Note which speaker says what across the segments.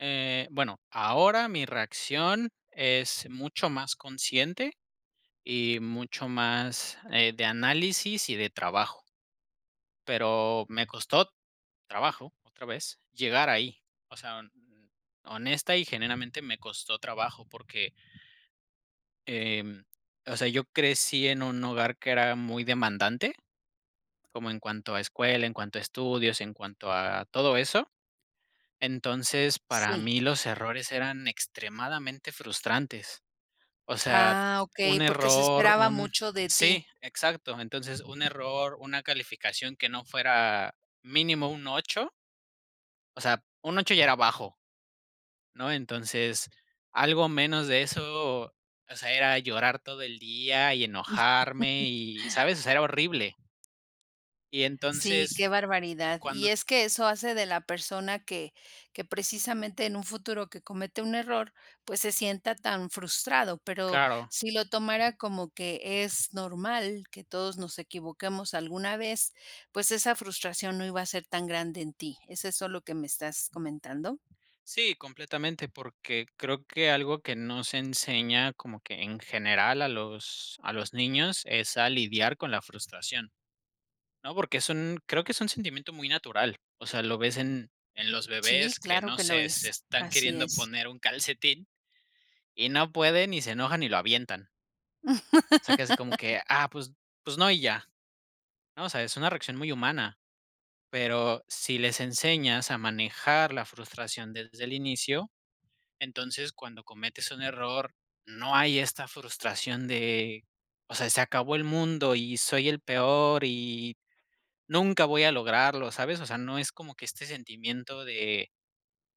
Speaker 1: Eh, bueno, ahora mi reacción es mucho más consciente y mucho más, eh, de análisis y de trabajo. Pero me costó trabajo, otra vez llegar ahí. O sea, hon honesta y genuinamente me costó trabajo porque em, o sea, yo crecí en un hogar que era muy demandante. Como en cuanto a escuela, en cuanto a estudios, en cuanto a todo eso. Entonces, para
Speaker 2: Sí.
Speaker 1: mí los errores eran extremadamente frustrantes. O sea,
Speaker 2: Ah, okey,
Speaker 1: un
Speaker 2: porque se
Speaker 1: error,
Speaker 2: esperaba
Speaker 1: un
Speaker 2: mucho de ti.
Speaker 1: Sí, exacto. Entonces un error, una calificación que no fuera mínimo un 8 o sea, un 8 ya era bajo ¿no? Entonces, algo menos de eso, o o sea, era llorar todo el día y enojarme y ¿sabes? O sea, era horrible. Y
Speaker 2: Sí,
Speaker 1: entonces,
Speaker 2: qué barbaridad. Y
Speaker 1: cuando
Speaker 2: es que eso hace de la persona que que precisamente en un futuro que comete un error, pues, se sienta tan frustrado, pero,
Speaker 1: Claro.
Speaker 2: si lo tomara como que es normal, que todos nos equivoquemos alguna vez, pues, esa frustración no iba a ser tan grande en ti, ¿es eso lo que me estás comentando?
Speaker 1: Sí, completamente, porque creo que algo que no se enseña como que en general a los a los niños es a lidiar con la frustración, ¿no? Porque son creo que es un sentimiento muy natural. O sea, lo ves en en los
Speaker 2: Sí,
Speaker 1: bebés que,
Speaker 2: claro
Speaker 1: no
Speaker 2: que lo
Speaker 1: sé, se
Speaker 2: es.
Speaker 1: están
Speaker 2: Así
Speaker 1: queriendo
Speaker 2: es.
Speaker 1: poner un calcetín. Y no pueden, y se enojan y lo avientan. O sea que así como que: "Ah, pues pues, no y ya", ¿no? O sea, es una reacción muy humana, pero si les enseñas a manejar la frustración desde el inicio, entonces, cuando cometes un error, no hay esta frustración de: "O sea, se acabó el mundo y soy el peor y nunca voy a lograrlo", ¿sabes? O sea, no es como que este sentimiento de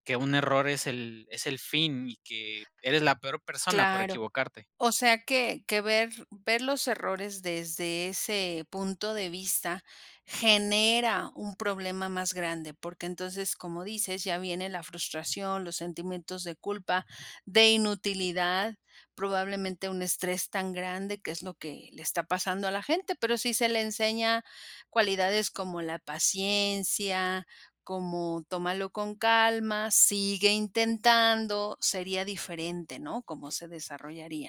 Speaker 1: que un error es el es el fin y que eres la peor persona por
Speaker 2: Claro.
Speaker 1: equivocarte.
Speaker 2: O sea, que que ver ver los errores desde ese punto de vista genera un problema más grande. Porque entonces, como dices: "Ya viene la frustración, los sentimientos de culpa, de inutilidad", probablemente un estrés tan grande, que es lo que le está pasando a la gente. Pero sí se le enseña cualidades como la paciencia, como, tómalo con calma, sigue intentando, sería diferente, ¿no? Cómo se desarrollaría.